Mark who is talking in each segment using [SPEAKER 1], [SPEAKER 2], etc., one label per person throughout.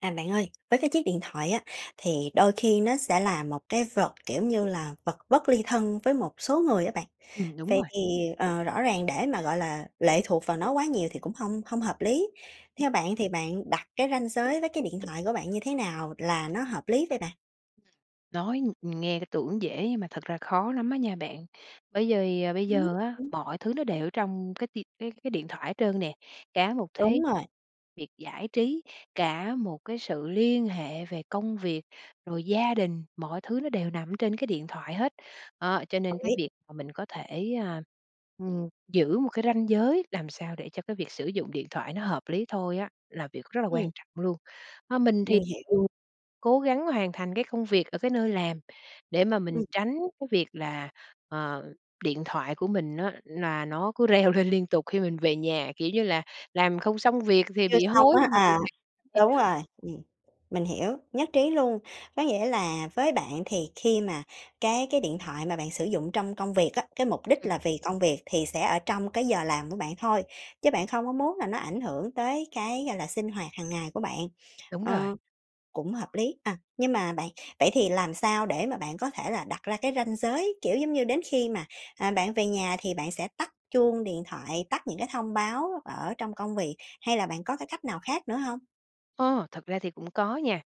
[SPEAKER 1] À, bạn ơi, với cái chiếc điện thoại á thì đôi khi nó sẽ là một cái vật, kiểu như là, vật bất ly thân với một số người á bạn.
[SPEAKER 2] Ừm, đúng
[SPEAKER 1] Vậy
[SPEAKER 2] rồi.
[SPEAKER 1] thì, ờ, rõ ràng để mà gọi là lệ thuộc vào nó quá nhiều thì cũng hông hông hợp lý, theo bạn thì bạn đặt cái ranh giới với cái điện thoại của bạn như thế nào là nó hợp lý vậy bạn?
[SPEAKER 2] Nói ng nghe cái tưởng dễ nhưng mà thật ra khó lắm á nha bạn, bởi vì bây giờ
[SPEAKER 1] [unintelligible]
[SPEAKER 2] á,
[SPEAKER 1] Ừm.
[SPEAKER 2] mọi thứ nó đều ở trong cái ti cái cái điện thoại hết trơn nè. Cả một
[SPEAKER 1] Đúng
[SPEAKER 2] thế
[SPEAKER 1] rồi.
[SPEAKER 2] việc giải trí, cả một cái sự liên hệ về công việc, rồi gia đình, mọi thứ nó đều nằm ở trên cái điện thoại hết. Đó, cho nên
[SPEAKER 1] Đồng
[SPEAKER 2] cái
[SPEAKER 1] ý.
[SPEAKER 2] việc mà mình có thể, ơ, ừm, giữ một cái ranh giới làm sao để cho cái việc sử dụng điện thoại nó hợp lý thôi á là việc rất là quan
[SPEAKER 1] Ừm.
[SPEAKER 2] trọng luôn. À, mình thì
[SPEAKER 1] Mình hiểu.
[SPEAKER 2] thường cố gắng hoàn thành cái công việc ở cái nơi làm để mà mình
[SPEAKER 1] Ừm.
[SPEAKER 2] tránh cái việc là, ờ, điện thoại của mình á là nó cứ reo lên liên tục khi mình về nhà, kiểu như là, làm không xong việc về
[SPEAKER 1] Chưa
[SPEAKER 2] bị
[SPEAKER 1] xong
[SPEAKER 2] hối
[SPEAKER 1] á,
[SPEAKER 2] nhưng mà
[SPEAKER 1] à,
[SPEAKER 2] [unintelligible] vậy
[SPEAKER 1] đúng
[SPEAKER 2] đó.
[SPEAKER 1] rồi, ừm. Mình hiểu, nhất trí luôn. Có nghĩa là với bạn thì khi mà cái cái điện thoại mà bạn sử dụng trong công việc á, cái mục đích
[SPEAKER 2] Ừm.
[SPEAKER 1] là vì công việc thì sẽ ở trong cái giờ làm của bạn thôi, chứ bạn không có muốn là nó ảnh hưởng tới cái, gọi là, sinh hoạt hàng ngày của bạn.
[SPEAKER 2] Đúng rồi.
[SPEAKER 1] Ờ, cũng hợp lý. À, nhưng mà bạn, vậy thì làm sao để mà bạn có thể là đặt ra cái ranh giới, kiểu giống như, đến khi mà, à, bạn về nhà thì bạn sẽ tắt chuông điện thoại, tắt những cái thông báo ở trong công việc hay là bạn có cái cách nào khác nữa hông?
[SPEAKER 2] Ồ, thật ra thì cũng có nha.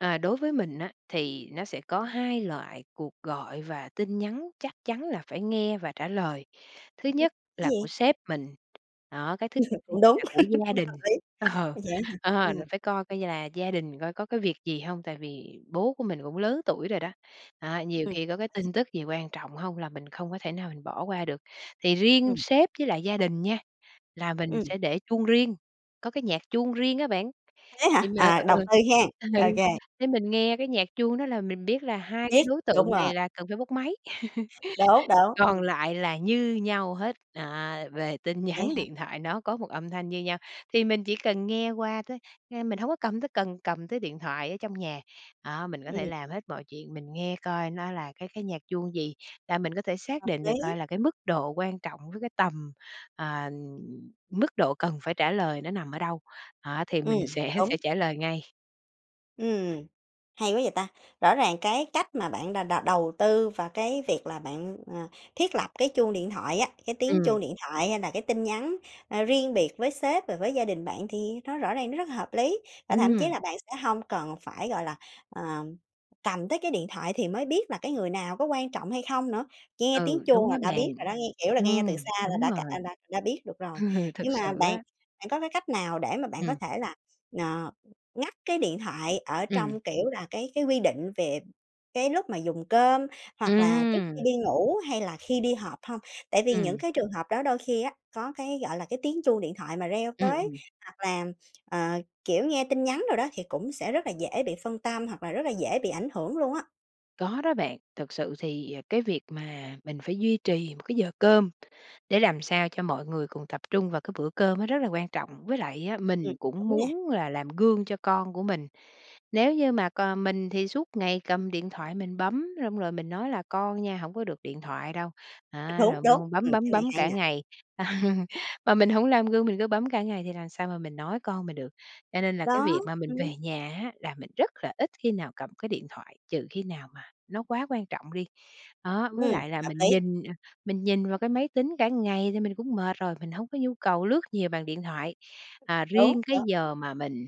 [SPEAKER 2] Ờ, đối với mình á, thì nó sẽ có 2 loại cuộc gọi và tin nhắn chắc chắn là phải nghe và trả lời. Thứ
[SPEAKER 1] Cái
[SPEAKER 2] nhất là của
[SPEAKER 1] gì?
[SPEAKER 2] sếp mình, đó, cái thứ
[SPEAKER 1] Cũng
[SPEAKER 2] hai
[SPEAKER 1] đúng,
[SPEAKER 2] là của gia đình.
[SPEAKER 1] hợp lý.
[SPEAKER 2] Ờ,
[SPEAKER 1] Vậy á hả?
[SPEAKER 2] ờ, là
[SPEAKER 1] Ừm.
[SPEAKER 2] phải coi coi là gia đình coi có cái việc gì hông, tại vì bố của mình cũng lớn tuổi rồi đó, à, nhiều
[SPEAKER 1] Ừm.
[SPEAKER 2] khi có cái tin tức gì quan trọng hông là mình không có thể nào mình bỏ qua được. Thì riêng
[SPEAKER 1] Ừm.
[SPEAKER 2] sếp với lại gia đình nha, là mình
[SPEAKER 1] Ừm.
[SPEAKER 2] sẽ để chuông riêng, có cái nhạc chuông riêng á bạn,
[SPEAKER 1] Thế
[SPEAKER 2] đề
[SPEAKER 1] hả?
[SPEAKER 2] mà
[SPEAKER 1] À, đầu
[SPEAKER 2] ừ,
[SPEAKER 1] tư ha?
[SPEAKER 2] ừ,
[SPEAKER 1] OK.
[SPEAKER 2] để mình nghe cái nhạc chuông đó là mình biết là 2 cái
[SPEAKER 1] Biết,
[SPEAKER 2] đối
[SPEAKER 1] đúng
[SPEAKER 2] tượng này
[SPEAKER 1] rồi.
[SPEAKER 2] là cần phải bốc máy.
[SPEAKER 1] Đúng, đúng,
[SPEAKER 2] Còn
[SPEAKER 1] ừm.
[SPEAKER 2] lại là như nhau hết, à, về tin
[SPEAKER 1] Vậy á
[SPEAKER 2] nhắn
[SPEAKER 1] hả?
[SPEAKER 2] điện thoại nó có 1 âm thanh như nhau, thì mình chỉ cần nghe qua tới, ờ, mình hổng có cầm tới cần cầm tới điện thoại ở trong nhà. Đó, mình có thể
[SPEAKER 1] Ừm.
[SPEAKER 2] làm hết mọi chuyện, mình nghe coi nó là cái cái nhạc chuông gì là mình có thể xác
[SPEAKER 1] Hợp
[SPEAKER 2] định được
[SPEAKER 1] lý.
[SPEAKER 2] coi là cái mức độ quan trọng với cái tầm, à, mức độ cần phải trả lời nó nằm ở đâu. Đó, thì
[SPEAKER 1] Ừm,
[SPEAKER 2] mình sẽ
[SPEAKER 1] đúng.
[SPEAKER 2] sẽ trả lời ngay.
[SPEAKER 1] Ừm, hay quá vậy ta! Rõ ràng cái cách mà bạn đà đầu đầu tư và cái việc là bạn, à, thiết lập cái chuông điện thoại á, cái tiếng
[SPEAKER 2] Ừm.
[SPEAKER 1] chuông điện thoại hay là cái tin nhắn, a, riêng biệt với sếp và với gia đình bạn thì nó rõ ràng nó rất là hợp lý. Và thậm chí
[SPEAKER 2] Ừm.
[SPEAKER 1] là bạn sẽ hông cần phải, gọi là, ờ, cầm tới cái điện thoại thì mới biết là cái người nào có quan trọng hay không nữa, nghe tiếng
[SPEAKER 2] Ừ,
[SPEAKER 1] chuông
[SPEAKER 2] đúng
[SPEAKER 1] là
[SPEAKER 2] đó
[SPEAKER 1] đã
[SPEAKER 2] bạn.
[SPEAKER 1] biết rồi đó, nghe, kiểu là, nghe từ xa
[SPEAKER 2] Ừm,
[SPEAKER 1] là
[SPEAKER 2] đúng
[SPEAKER 1] đã cả
[SPEAKER 2] rồi.
[SPEAKER 1] đã đã biết được rồi.
[SPEAKER 2] Thật
[SPEAKER 1] Nhưng mà
[SPEAKER 2] sự
[SPEAKER 1] bạn,
[SPEAKER 2] á!
[SPEAKER 1] bạn có cái cách nào để mà bạn có
[SPEAKER 2] Ừm.
[SPEAKER 1] thể là, ờ, ngắt cái điện thoại ở trong,
[SPEAKER 2] Ừm.
[SPEAKER 1] kiểu là, cái cái quy định việc cái lúc mà dùng cơm hoặc là trước khi
[SPEAKER 2] Ừm.
[SPEAKER 1] đi ngủ hay là khi đi họp hông? Tại vì những
[SPEAKER 2] Ừm.
[SPEAKER 1] cái trường hợp đó đôi khi á có cái, gọi là, cái tiếng chuông điện thoại mà reo
[SPEAKER 2] Ừm,
[SPEAKER 1] tới
[SPEAKER 2] ừm.
[SPEAKER 1] hoặc là, ờ, kiểu, nghe tin nhắn rồi đó thì cũng sẽ rất là dễ bị phân tâm, hoặc là rất là dễ bị ảnh hưởng luôn á.
[SPEAKER 2] Có đó bạn, thật sự thì, à, cái việc mà mình phải duy trì một cái giờ cơm để làm sao cho mọi người cùng tập trung vào cái bữa cơm nó rất là quan trọng, với lại á,
[SPEAKER 1] Ừm,
[SPEAKER 2] mình cũng
[SPEAKER 1] đúng nè.
[SPEAKER 2] muốn là làm gương cho con của mình. Nếu như mà còn mình thì suốt ngày cầm điện thoại mình bấm, xong rồi mình nói là "Con nha, hổng có được điện thoại đâu." Á
[SPEAKER 1] Đúng,
[SPEAKER 2] rồi b
[SPEAKER 1] đúng,
[SPEAKER 2] bấm
[SPEAKER 1] ừm,
[SPEAKER 2] bấm
[SPEAKER 1] cái này
[SPEAKER 2] bấm
[SPEAKER 1] hay
[SPEAKER 2] cả
[SPEAKER 1] nè!
[SPEAKER 2] ngày, mà mình hổng làm gương, mình cứ bấm cả ngày thì làm sao mà mình nói con mình được. Cho nên là cái
[SPEAKER 1] Đó,
[SPEAKER 2] việc mà mình
[SPEAKER 1] ừm.
[SPEAKER 2] về nhà á, là mình rất là ít khi nào cầm cái điện thoại, trừ khi nào mà nó quá quan trọng đi. Đó, với
[SPEAKER 1] Ừm,
[SPEAKER 2] lại là
[SPEAKER 1] hợp
[SPEAKER 2] mình
[SPEAKER 1] lý.
[SPEAKER 2] nhìn, à, mình nhìn vào cái máy tính cả ngày thì mình cũng mệt rồi, mình hông có nhu cầu lướt nhiều bằng điện thoại.
[SPEAKER 1] Đúng,
[SPEAKER 2] Ờ, riêng
[SPEAKER 1] đúng,
[SPEAKER 2] cái
[SPEAKER 1] ừm.
[SPEAKER 2] giờ mà mình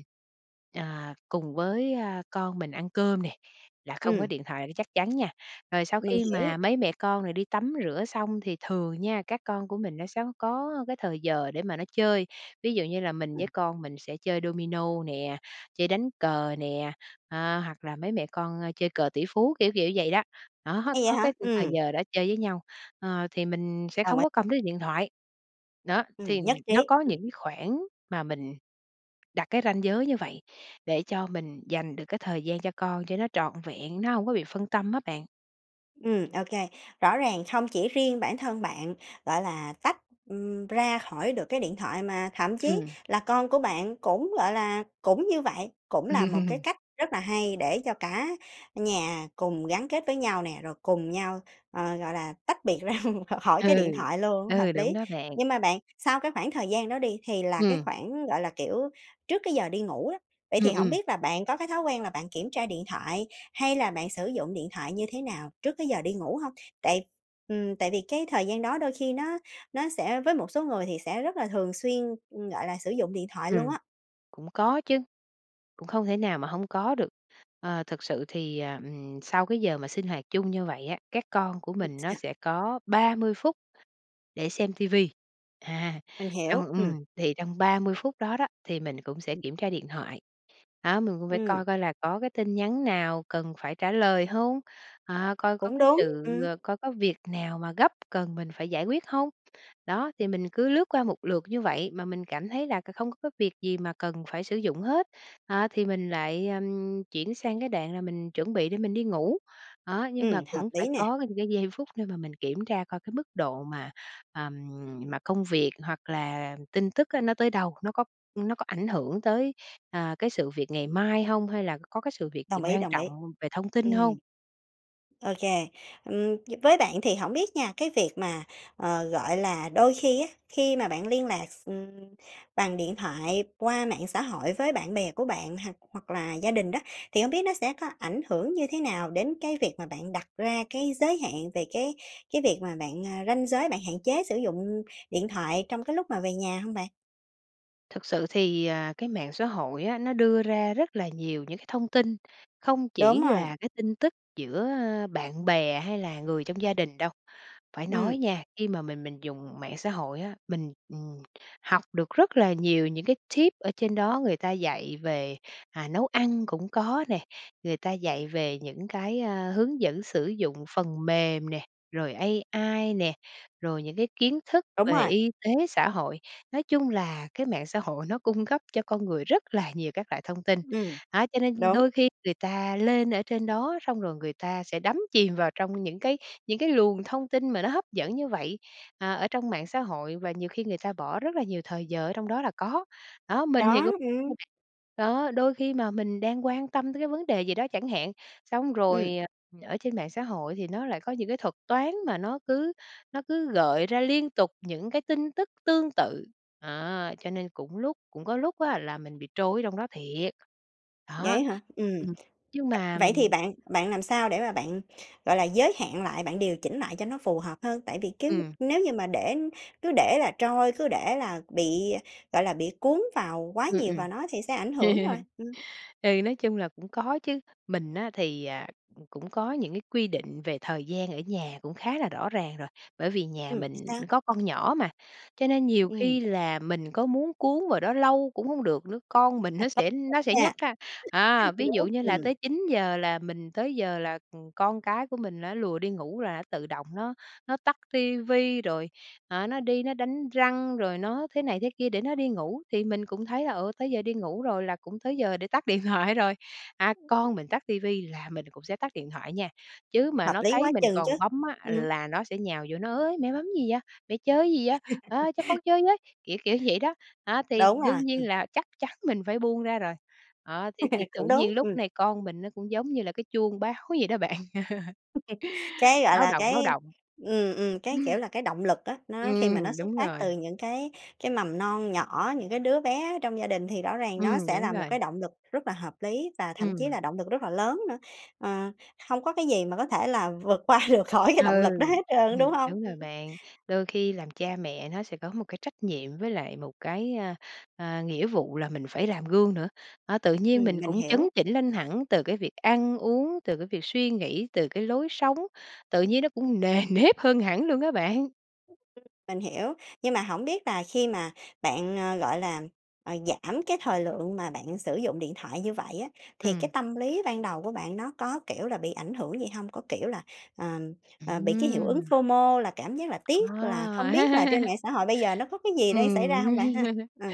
[SPEAKER 2] ờ, cùng với, a, con mình ăn cơm nè, là không có
[SPEAKER 1] Ừm.
[SPEAKER 2] điện thoại đó chắc chắn nha. Rồi sau
[SPEAKER 1] Mình
[SPEAKER 2] khi
[SPEAKER 1] hiểu.
[SPEAKER 2] mà mấy mẹ con rồi đi tắm rửa xong thì thường nha, các con của mình nó sẽ có có cái thời giờ để mà nó chơi, ví dụ như là mình
[SPEAKER 1] Ừm.
[SPEAKER 2] với con mình sẽ chơi domino nè, chơi đánh cờ nè, ơ, hoặc là mấy mẹ con, ơ, chơi cờ tỉ phú, kiểu kiểu vậy đó, đó,
[SPEAKER 1] Hay vậy
[SPEAKER 2] có
[SPEAKER 1] hả?
[SPEAKER 2] cái khung thời
[SPEAKER 1] Ừm.
[SPEAKER 2] giờ đó chơi với nhau, ờ, thì mình sẽ
[SPEAKER 1] Đồng
[SPEAKER 2] không
[SPEAKER 1] ý.
[SPEAKER 2] có cầm đến điện thoại. Đó,
[SPEAKER 1] Ừm,
[SPEAKER 2] thì
[SPEAKER 1] nhất trí.
[SPEAKER 2] nó có
[SPEAKER 1] Ừm.
[SPEAKER 2] những khoảng mà mình đặt cái ranh giới như vậy để cho mình dành được cái thời gian cho con cho nó trọn vẹn, nó hổng có bị phân tâm á bạn.
[SPEAKER 1] Ừm, ô kê. Rõ ràng không chỉ riêng bản thân bạn, gọi là, tách, ừm, ra khỏi được cái điện thoại, mà thậm chí
[SPEAKER 2] Ừm.
[SPEAKER 1] là con của bạn cũng, gọi là, cũng như vậy, cũng là một cái cách rất là hay để cho cả nhà cùng gắn kết với nhau nè, rồi cùng nhau, ờ, gọi là, tách biệt ra khỏi
[SPEAKER 2] Ừ.
[SPEAKER 1] cái điện thoại luôn, hợp
[SPEAKER 2] Ừ, đúng
[SPEAKER 1] lý.
[SPEAKER 2] đó bạn.
[SPEAKER 1] Nhưng mà bạn, sau cái khoảng thời gian đó đi thì là cái
[SPEAKER 2] Ừm.
[SPEAKER 1] khoảng, gọi là, kiểu, trước cái giờ đi ngủ đó, vậy
[SPEAKER 2] Ừm,
[SPEAKER 1] thì hổng
[SPEAKER 2] ừm.
[SPEAKER 1] biết là bạn có cái thói quen là bạn kiểm tra điện thoại, hay là bạn sử dụng điện thoại như thế nào trước cái giờ đi ngủ hông? Tại ừm, tại vì cái thời gian đó đôi khi nó nó sẽ với một số người thì sẽ rất là thường xuyên, ừm, gọi là, sử dụng điện thoại luôn
[SPEAKER 2] Ừm,
[SPEAKER 1] á.
[SPEAKER 2] cũng có chứ, cũng không thể nào mà hông có được. Ờ, thực sự thì, ờ, ừm, sau cái giờ mà sinh hoạt chung như vậy á, các con của
[SPEAKER 1] Ừm.
[SPEAKER 2] mình nó sẽ có 30 phút để xem TV, à,
[SPEAKER 1] Mình hiểu,
[SPEAKER 2] trong
[SPEAKER 1] ừm.
[SPEAKER 2] ừm, thì trong 30 phút đó đó, thì mình cũng sẽ
[SPEAKER 1] Ừm.
[SPEAKER 2] kiểm tra điện thoại, đó, mình cũng phải
[SPEAKER 1] Ừm.
[SPEAKER 2] coi coi là có cái tin nhắn nào cần phải trả lời hông? Ờ, coi có
[SPEAKER 1] Cũng
[SPEAKER 2] cái
[SPEAKER 1] đúng,
[SPEAKER 2] sự
[SPEAKER 1] ừm.
[SPEAKER 2] ơ, coi có việc nào mà gấp cần mình phải giải quyết hông? Đó, thì mình cứ lướt qua một lượt như vậy mà mình cảm thấy là c không có cái việc gì mà cần phải sử dụng hết, đó, thì mình lại, ừm, chuyển sang cái đoạn là mình chuẩn bị để mình đi ngủ. Đó, nhưng mà
[SPEAKER 1] Ừm, hợp
[SPEAKER 2] cũng phải
[SPEAKER 1] lý nè.
[SPEAKER 2] có những cái giây phút để mà mình kiểm tra coi cái mức độ mà, à, mà công việc, hoặc là tin tức á nó tới đâu, nó có nó có ảnh hưởng tới, ờ, cái sự việc ngày mai hông, hay là c có cái sự việc gì
[SPEAKER 1] Đồng ý,
[SPEAKER 2] quan
[SPEAKER 1] đồng ý.
[SPEAKER 2] trọng về thông tin hông?
[SPEAKER 1] Ừm. Ô kê, ừm, d với bạn thì hổng biết nha, cái việc mà ờ, gọi là, đôi khi á, khi mà bạn liên lạc x ừm, bằng điện thoại qua mạng xã hội với bạn bè của bạn, hoặc hoặc là gia đình đó, thì hông biết nó sẽ có ảnh hưởng như thế nào đến cái việc mà bạn đặt ra cái giới hạn về cái cái việc mà bạn ơ, ranh giới bạn hạn chế sử dụng điện thoại trong cái lúc mà về nhà hông bạn?
[SPEAKER 2] Thực sự thì, à, cái mạng xã hội á, nó đưa ra rất là nhiều những cái thông tin, không
[SPEAKER 1] Đúng
[SPEAKER 2] chỉ
[SPEAKER 1] rồi.
[SPEAKER 2] là cái tin tức giữa, ơ, bạn bè hay là người trong gia đình đâu. Phải
[SPEAKER 1] Ừm.
[SPEAKER 2] nói nha, khi mà mình mình dùng mạng xã hội á, mình, ừm, học được rất là nhiều những cái tip ở trên đó người ta dạy về, à, nấu ăn cũng có nè, người ta dạy về những cái, ơ, hướng dẫn sử dụng phần mềm nè, rồi AI nè, rồi những cái kiến thức
[SPEAKER 1] Đúng
[SPEAKER 2] về
[SPEAKER 1] rồi.
[SPEAKER 2] y tế, xã hội. Nói chung là cái mạng xã hội nó cung cấp cho con người rất là nhiều các loại thông tin,
[SPEAKER 1] Ừm,
[SPEAKER 2] đó, cho nên
[SPEAKER 1] đúng.
[SPEAKER 2] đôi khi người ta lên ở trên đó xong rồi người ta sẽ đắm chìm vào trong những cái những cái luồng thông tin mà nó hấp dẫn như vậy, ờ, ở trong mạng xã hội và nhiều khi người ta bỏ rất là nhiều thời giờ ở trong đó là có. Đó, mình thì
[SPEAKER 1] Đó,
[SPEAKER 2] cũng
[SPEAKER 1] ừm.
[SPEAKER 2] [unintelligible] Đó, đôi khi mà mình đang quan tâm tới cái vấn đề gì đó chẳng hạn, xong
[SPEAKER 1] Ừm.
[SPEAKER 2] rồi, ờ, ở trên mạng xã hội thì nó lại có những cái thuật toán mà nó cứ nó cứ gợi ra liên tục những cái tin tức tương tự, đó. Cho nên cũng lúc cũng có lúc á là mình bị trôi ở trong đó thiệt.
[SPEAKER 1] Vậy
[SPEAKER 2] Đó,
[SPEAKER 1] á hả? Ừm,
[SPEAKER 2] ừm,
[SPEAKER 1] v
[SPEAKER 2] nhưng mà
[SPEAKER 1] vậy thì bạn bạn làm sao để mà bạn, gọi là, giới hạn lại, bạn điều chỉnh lại cho nó phù hợp hơn? Tại vì cứ
[SPEAKER 2] Ừm.
[SPEAKER 1] nếu như mà để cứ để là trôi, cứ để là bị, gọi là, bị cuốn vào quá
[SPEAKER 2] Ừm,
[SPEAKER 1] nhiều
[SPEAKER 2] ừm.
[SPEAKER 1] vào nó thì sẽ ảnh hưởng rồi. Ừm.
[SPEAKER 2] Ừ, nói chung là cũng có chứ, mình á thì, à, c cũng có những cái quy định về thời gian ở nhà cũng khá là rõ ràng rồi. Bởi vì nhà
[SPEAKER 1] Ừm, thì
[SPEAKER 2] mình
[SPEAKER 1] sao?
[SPEAKER 2] có con nhỏ mà, cho nên nhiều
[SPEAKER 1] Ừm.
[SPEAKER 2] khi là mình có muốn cuốn vào đó lâu cũng hông được nữa, con mình
[SPEAKER 1] À,
[SPEAKER 2] nó
[SPEAKER 1] có
[SPEAKER 2] sẽ
[SPEAKER 1] lực
[SPEAKER 2] nó sẽ
[SPEAKER 1] á ha?
[SPEAKER 2] nhắc á. À, ví dụ như là
[SPEAKER 1] Ừm.
[SPEAKER 2] tới 9:00 là mình tới giờ là, ừm, con cái của mình nó lùa đi ngủ, là nó tự động nó nó tắt ti vi rồi, ờ, nó đi nó đánh răng rồi nó thế này thế kia để nó đi ngủ. Thì mình cũng thấy là, ừ, tới giờ đi ngủ rồi là cũng tới giờ để tắt điện thoại rồi. À, con mình tắt ti vi là mình cũng sẽ tắt điện thoại nha, chứ mà
[SPEAKER 1] Hợp
[SPEAKER 2] nó
[SPEAKER 1] lý
[SPEAKER 2] thấy
[SPEAKER 1] quá
[SPEAKER 2] mình
[SPEAKER 1] chừng chứ,
[SPEAKER 2] còn bấm á,
[SPEAKER 1] ừm.
[SPEAKER 2] là nó sẽ nhào vô nó: "Ới, mẹ bấm gì vậy? Mẹ chơi cái gì á? A, cho con chơi với", kiểu kiểu vậy đó. À, thì
[SPEAKER 1] Đúng rồi,
[SPEAKER 2] đương
[SPEAKER 1] ừm.
[SPEAKER 2] nhiên là chắc chắn mình phải buông ra rồi. Đó, thế thì tự
[SPEAKER 1] Cũng
[SPEAKER 2] nhiên
[SPEAKER 1] đúng,
[SPEAKER 2] lúc
[SPEAKER 1] ừm.
[SPEAKER 2] này con mình nó cũng giống như là cái chuông báo vậy đó bạn.
[SPEAKER 1] Cái, gọi
[SPEAKER 2] Báo
[SPEAKER 1] là,
[SPEAKER 2] động, báo
[SPEAKER 1] cái
[SPEAKER 2] động.
[SPEAKER 1] ừm, ừm, cái
[SPEAKER 2] Ừm.
[SPEAKER 1] kiểu là, cái động lực á, nó khi mà nó
[SPEAKER 2] Ừm,
[SPEAKER 1] xuất
[SPEAKER 2] đúng
[SPEAKER 1] phát từ
[SPEAKER 2] rồi.
[SPEAKER 1] những cái cái mầm non nhỏ, những cái đứa bé ở trong gia đình thì rõ ràng nó
[SPEAKER 2] Ừm,
[SPEAKER 1] sẽ
[SPEAKER 2] đúng
[SPEAKER 1] là một
[SPEAKER 2] rồi.
[SPEAKER 1] cái động lực rất là hợp lý và thậm chí
[SPEAKER 2] Ừm.
[SPEAKER 1] là động lực rất là lớn nữa, ờ, không có cái gì mà có thể là vượt qua được khỏi cái
[SPEAKER 2] Ừ,
[SPEAKER 1] động lực đó hết trơn á, đúng
[SPEAKER 2] ừm,
[SPEAKER 1] hông?
[SPEAKER 2] đúng
[SPEAKER 1] Ừm.
[SPEAKER 2] rồi bạn. Đôi khi làm cha mẹ nó sẽ có một cái trách nhiệm với lại một cái, ờ, ờ, nghĩa vụ là mình phải làm gương nữa. À, tự nhiên
[SPEAKER 1] Ừm,
[SPEAKER 2] mình
[SPEAKER 1] mình
[SPEAKER 2] cũng chấn
[SPEAKER 1] hiểu.
[SPEAKER 2] chỉnh lên hẳn từ cái việc ăn uống, từ cái việc suy nghĩ, từ cái lối sống, tự nhiên nó cũng nề nếp hơn hẳn luôn á bạn.
[SPEAKER 1] Mình hiểu, nhưng mà hổng biết là khi mà bạn, à, gọi là, à, giảm cái thời lượng mà bạn sử dụng điện thoại như vậy á, thì cái
[SPEAKER 2] Ừm.
[SPEAKER 1] tâm lý ban đầu của bạn nó có, kiểu là, bị ảnh hưởng gì hông? Có, kiểu là, à, à, bị cái hiệu ứng
[SPEAKER 2] Ừm!
[SPEAKER 1] FOMO là cảm giác là tiếc là
[SPEAKER 2] Ờ!
[SPEAKER 1] không biết là trên mạng xã hội bây giờ nó có cái gì đang
[SPEAKER 2] Ừm.
[SPEAKER 1] xảy ra hông bạn ha? Ờ.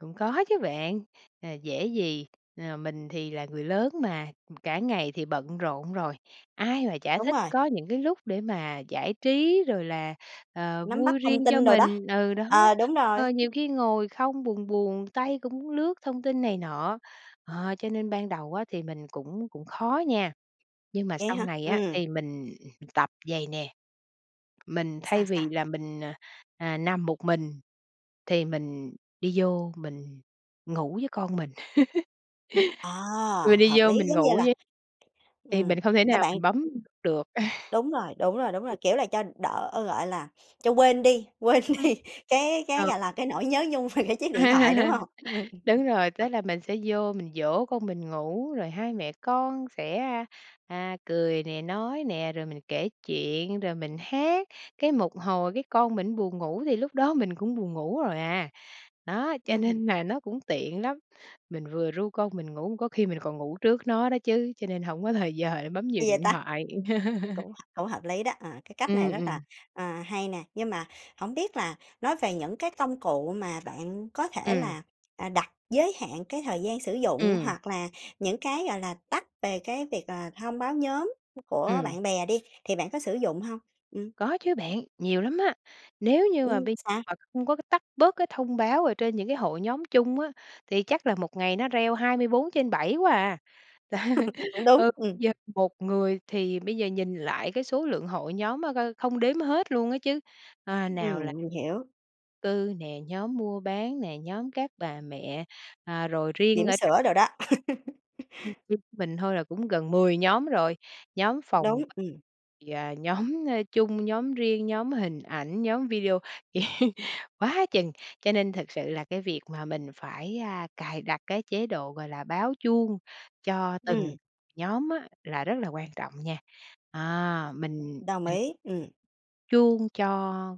[SPEAKER 2] Cũng có chứ bạn, à, dễ gì, à, mình thì là người lớn mà, cả ngày thì bận rộn rồi, ai mà chả
[SPEAKER 1] Đúng
[SPEAKER 2] thích
[SPEAKER 1] rồi.
[SPEAKER 2] có những cái lúc để mà giải trí, rồi là, ờ,
[SPEAKER 1] Nắm bắt
[SPEAKER 2] vui
[SPEAKER 1] thông
[SPEAKER 2] riêng cho
[SPEAKER 1] tin đồ đó,
[SPEAKER 2] mình. Ừ, đó.
[SPEAKER 1] ờ, đúng rồi
[SPEAKER 2] Ờ, nhiều khi ngồi không buồn buồn, tay cũng muốn lướt thông tin này nọ. Ờ, cho nên ban đầu á thì mình cũng cũng khó nha, nhưng mà
[SPEAKER 1] Vậy
[SPEAKER 2] sau
[SPEAKER 1] hả?
[SPEAKER 2] này á
[SPEAKER 1] Ừm.
[SPEAKER 2] thì mình tập vậy nè, mình thay
[SPEAKER 1] Sao,
[SPEAKER 2] vì
[SPEAKER 1] sao?
[SPEAKER 2] là mình, à, à, nằm một mình thì mình đi vô mình ngủ với con mình,
[SPEAKER 1] Ờ,
[SPEAKER 2] mình đi
[SPEAKER 1] hợp
[SPEAKER 2] vô
[SPEAKER 1] lý,
[SPEAKER 2] mình
[SPEAKER 1] giống như
[SPEAKER 2] ngủ
[SPEAKER 1] là
[SPEAKER 2] với thì
[SPEAKER 1] ừm,
[SPEAKER 2] mình không thể
[SPEAKER 1] cho
[SPEAKER 2] nào
[SPEAKER 1] bạn
[SPEAKER 2] mình bấm được.
[SPEAKER 1] Đúng rồi, đúng rồi, đúng rồi, kiểu là, cho đỡ, ơ, gọi là, cho quên đi quên
[SPEAKER 2] Ừm.
[SPEAKER 1] đi cái cái,
[SPEAKER 2] Ờ.
[SPEAKER 1] gọi là, cái nỗi nhớ nhung về cái chiếc điện thoại, đúng hông? Ừm.
[SPEAKER 2] Đúng rồi,
[SPEAKER 1] Hợp
[SPEAKER 2] tức là
[SPEAKER 1] [unintelligible]
[SPEAKER 2] mình sẽ vô mình dỗ con mình ngủ, rồi hai mẹ con sẽ, a, à, cười nè, nói nè, rồi mình kể chuyện, rồi mình hát, cái một hồi cái con mình buồn ngủ thì lúc đó mình cũng buồn ngủ rồi à. Đó, cho
[SPEAKER 1] Ừm.
[SPEAKER 2] nên là nó cũng tiện lắm. Mình vừa ru con mình ngủ có khi mình còn ngủ trước nó đó chứ, cho nên hổng có thời giờ để bấm nhiều
[SPEAKER 1] Hay vậy
[SPEAKER 2] điện
[SPEAKER 1] ta!
[SPEAKER 2] thoại.
[SPEAKER 1] Cũng h cũng hợp lý đó, ờ, cái cách này
[SPEAKER 2] Ừm,
[SPEAKER 1] rất là,
[SPEAKER 2] ừm.
[SPEAKER 1] à, hay nè. Nhưng mà hổng biết là nói về những cái công cụ mà bạn có thể
[SPEAKER 2] Ừm.
[SPEAKER 1] là, à, đặt giới hạn cái thời gian sử dụng
[SPEAKER 2] Ừm.
[SPEAKER 1] hoặc là những cái, gọi là, tắt về cái việc là, thông báo nhóm của
[SPEAKER 2] Ừm.
[SPEAKER 1] bạn bè đi, thì bạn có sử dụng hông? Ừm.
[SPEAKER 2] Có chứ bạn, nhiều lắm á. Nếu như mà
[SPEAKER 1] Ừm,
[SPEAKER 2] bây
[SPEAKER 1] sao?
[SPEAKER 2] mà không có cái tắt bớt cái thông báo ở trên những cái hội nhóm chung á, thì chắc là một ngày nó reo 24/7 quá à.
[SPEAKER 1] Cũng đúng,
[SPEAKER 2] Ờ,
[SPEAKER 1] ừm.
[SPEAKER 2] giờ 1 người thì bây giờ nhìn lại cái số lượng hội nhóm á coi không đếm hết luôn á chứ, ơ, nào là
[SPEAKER 1] Ừm, mình hiểu.
[SPEAKER 2] cư nè, nhóm mua bán nè, nhóm các bà mẹ, ờ, rồi riêng
[SPEAKER 1] Bỉm
[SPEAKER 2] ở [unintelligible]
[SPEAKER 1] sữa đồ đó.
[SPEAKER 2] Mình thôi là cũng gần 10 nhóm rồi, nhóm phòng
[SPEAKER 1] Đúng,
[SPEAKER 2] b
[SPEAKER 1] ừm.
[SPEAKER 2] và nhóm, ơ, chung, nhóm riêng, nhóm hình ảnh, nhóm video, quá chừng. Cho nên thật sự là cái việc mà mình phải, a, cài đặt cái chế độ, gọi là, báo chuông cho
[SPEAKER 1] Ừm.
[SPEAKER 2] từng nhóm á là rất là quan trọng nha. À, mình
[SPEAKER 1] Đồng ý, ừm.
[SPEAKER 2] chuông cho,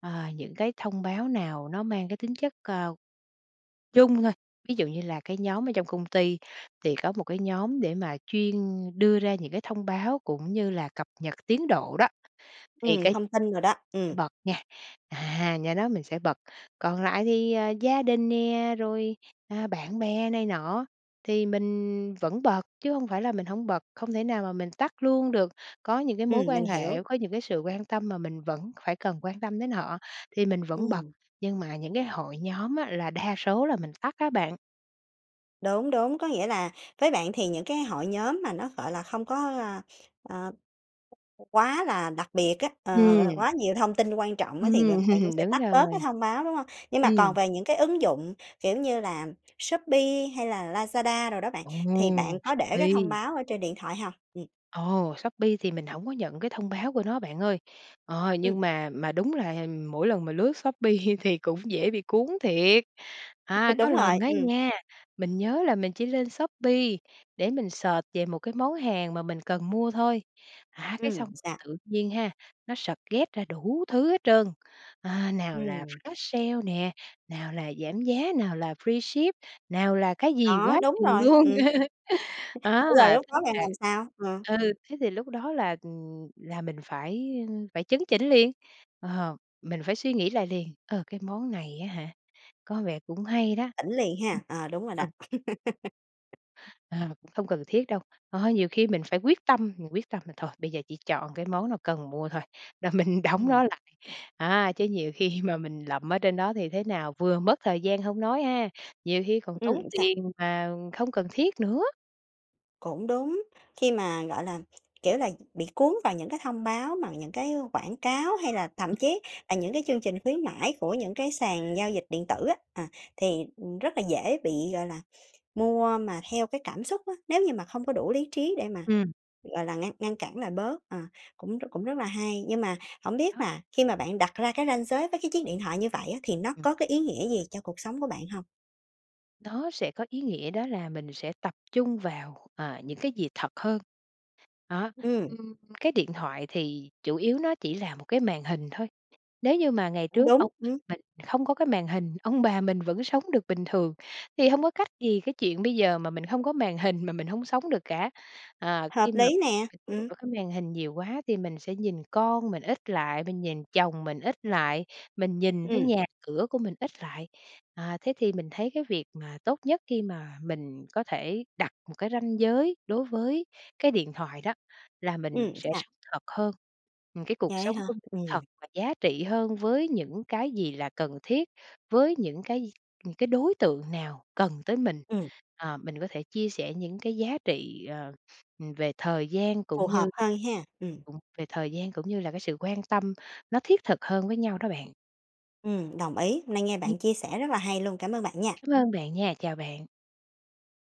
[SPEAKER 2] ờ, những cái thông báo nào nó mang cái tính chất, à, chung thôi, ví dụ như là cái nhóm ở trong công ty thì có một cái nhóm để mà chuyên đưa ra những cái thông báo cũng như là cập nhật tiến độ đó thì
[SPEAKER 1] Ừm,
[SPEAKER 2] cái
[SPEAKER 1] thông tin đồ đó,
[SPEAKER 2] phải
[SPEAKER 1] ừm.
[SPEAKER 2] bật nha, à, nhóm đó mình sẽ bật. Còn lại thì, ờ, gia đình nè, rồi, ờ, bạn bè này nọ thì mình vẫn bật chứ hông phải là mình hổng bật, không thể nào mà mình tắt luôn được. Có những cái mối
[SPEAKER 1] Ừm, mình
[SPEAKER 2] quan hệ,
[SPEAKER 1] hiểu.
[SPEAKER 2] có những cái sự quan tâm mà mình vẫn phải cần quan tâm đến họ, thì mình vẫn bật,
[SPEAKER 1] Ừm.
[SPEAKER 2] nhưng mà những cái hội nhóm á, là đa số là mình tắt á bạn.
[SPEAKER 1] Đúng, đúng, có nghĩa là với bạn thì những cái hội nhóm mà nó, gọi là, không có, ơ, ờ, quá là đặc biệt á, ờ, gọi là,
[SPEAKER 2] Ừm.
[SPEAKER 1] quá nhiều thông tin quan trọng á, thì
[SPEAKER 2] Ừm,
[SPEAKER 1] bạn bạn cũng sẽ
[SPEAKER 2] đúng
[SPEAKER 1] tắt bớt cái
[SPEAKER 2] rồi.
[SPEAKER 1] thông báo, đúng hông? Nhưng mà còn
[SPEAKER 2] Ừm.
[SPEAKER 1] về những cái ứng dụng, kiểu như là, Shopee, hay là Lazada đồ đó bạn,
[SPEAKER 2] Ồ!
[SPEAKER 1] thì bạn có để cái thông
[SPEAKER 2] Shopee.
[SPEAKER 1] báo ở trên điện thoại hông? Ừm.
[SPEAKER 2] Ồ! Shopee thì mình hổng có nhận cái thông báo của nó bạn ơi, ờ,
[SPEAKER 1] Ừm.
[SPEAKER 2] nhưng mà mà đúng là mỗi lần mà lướt Shopee thì cũng dễ bị cuốn thiệt! À, có
[SPEAKER 1] Đúng rồi,
[SPEAKER 2] lần á
[SPEAKER 1] ừm.
[SPEAKER 2] nha, mình nhớ là mình chỉ lên Shopee để mình search về một cái món hàng mà mình cần mua thôi, à, cái xong
[SPEAKER 1] Ừm, sao?
[SPEAKER 2] tự nhiên ha, nó suggest ra đủ thứ hết trơn, à, nào là
[SPEAKER 1] Ừm.
[SPEAKER 2] flash sale nè, nào là giảm giá, nào là freeship, nào là cái gì
[SPEAKER 1] Đó,
[SPEAKER 2] quá
[SPEAKER 1] đúng
[SPEAKER 2] chừng
[SPEAKER 1] rồi,
[SPEAKER 2] luôn.
[SPEAKER 1] ừm. Vậy rồi
[SPEAKER 2] À,.
[SPEAKER 1] lúc đó bạn làm
[SPEAKER 2] [unintelligible]
[SPEAKER 1] sao? Ừm.
[SPEAKER 2] Ừ, thế thì lúc đó là, ừm, là mình phải, ơ, phải chấn chỉnh liền, ờ, mình phải suy nghĩ lại liền, ờ, cái món này á hả, có vẻ cũng hay đó.
[SPEAKER 1] Tỉnh liền ha? Ờ, đúng rồi đó.
[SPEAKER 2] Ừ. À, cũng không cần thiết đâu. À, nhiều khi mình phải quyết tâm, mình quyết tâm là thôi bây giờ chỉ chọn cái món nào cần mua thôi, là mình đóng
[SPEAKER 1] Ừm.
[SPEAKER 2] nó lại, à, chứ nhiều khi mà mình lậm ở trên đó thì thế nào vừa mất thời gian hông nói ha, nhiều khi còn tốn
[SPEAKER 1] Ừm, sao?
[SPEAKER 2] tiền mà không cần thiết nữa.
[SPEAKER 1] Cũng đúng. Khi mà, gọi là, kiểu là, bị cuốn vào những cái thông báo bằng những cái quảng cáo, hay là thậm chí là những cái chương trình khuyến mãi của những cái sàn giao dịch điện tử á, à, thì, ừm, rất là dễ bị, gọi là, mua mà theo cái cảm xúc á. Nếu như mà không có đủ lý trí để mà,
[SPEAKER 2] Ừm.
[SPEAKER 1] gọi là, ngăn ngăn cản lại bớt, ờ, cũng rất cũng rất là hay. Nhưng mà hổng biết
[SPEAKER 2] Đó.
[SPEAKER 1] là khi mà bạn đặt ra cái ranh giới với cái chiếc điện thoại như vậy á, thì nó
[SPEAKER 2] Ừm.
[SPEAKER 1] có cái ý nghĩa gì cho cuộc sống của bạn hông?
[SPEAKER 2] Nó sẽ có ý nghĩa đó là mình sẽ tập trung vào, ờ, những cái gì thật hơn. Đó,
[SPEAKER 1] Ừm.
[SPEAKER 2] ừm, cái điện thoại thì chủ yếu nó chỉ là một cái màn hình thôi. Nếu như mà ngày
[SPEAKER 1] Cũng
[SPEAKER 2] trước
[SPEAKER 1] đúng,
[SPEAKER 2] ông
[SPEAKER 1] ừm.
[SPEAKER 2] bà mình không có cái màn hình, ông bà mình vẫn sống được bình thường. Thì hông có cách gì cái chuyện bây giờ mà mình hông có màn hình mà mình hông sống được cả. À, khi
[SPEAKER 1] Hợp
[SPEAKER 2] mà
[SPEAKER 1] lý nè! Ừm.
[SPEAKER 2] ở cái màn hình nhiều quá thì mình sẽ nhìn con mình ít lại, mình nhìn chồng mình ít lại, mình nhìn thấy
[SPEAKER 1] Ừm.
[SPEAKER 2] nhà cửa của mình ít lại. À, thế thì mình thấy cái việc mà tốt nhất khi mà mình có thể đặt một cái ranh giới đối với cái điện thoại đó, là mình
[SPEAKER 1] Ừm,
[SPEAKER 2] sẽ
[SPEAKER 1] sao?
[SPEAKER 2] sống thật hơn. Ừm, cái cuộc
[SPEAKER 1] Vậy á
[SPEAKER 2] sống
[SPEAKER 1] hả?
[SPEAKER 2] của mình
[SPEAKER 1] Ừm.
[SPEAKER 2] thật và giá trị hơn với những cái gì là cần thiết, với những cái những cái đối tượng nào cần tới mình.
[SPEAKER 1] Ừm.
[SPEAKER 2] Ờ, mình có thể chia sẻ những cái giá trị, ờ, về thời gian cũng
[SPEAKER 1] Phù hợp
[SPEAKER 2] như,
[SPEAKER 1] hơn ha? Ừm.
[SPEAKER 2] ừm, về thời gian cũng như là cái sự quan tâm nó thiết thực hơn với nhau đó bạn.
[SPEAKER 1] Ừm, đồng ý. Hôm nay nghe bạn chia sẻ rất là hay luôn, cảm ơn bạn nha.
[SPEAKER 2] Cám ơn bạn nha, chào bạn.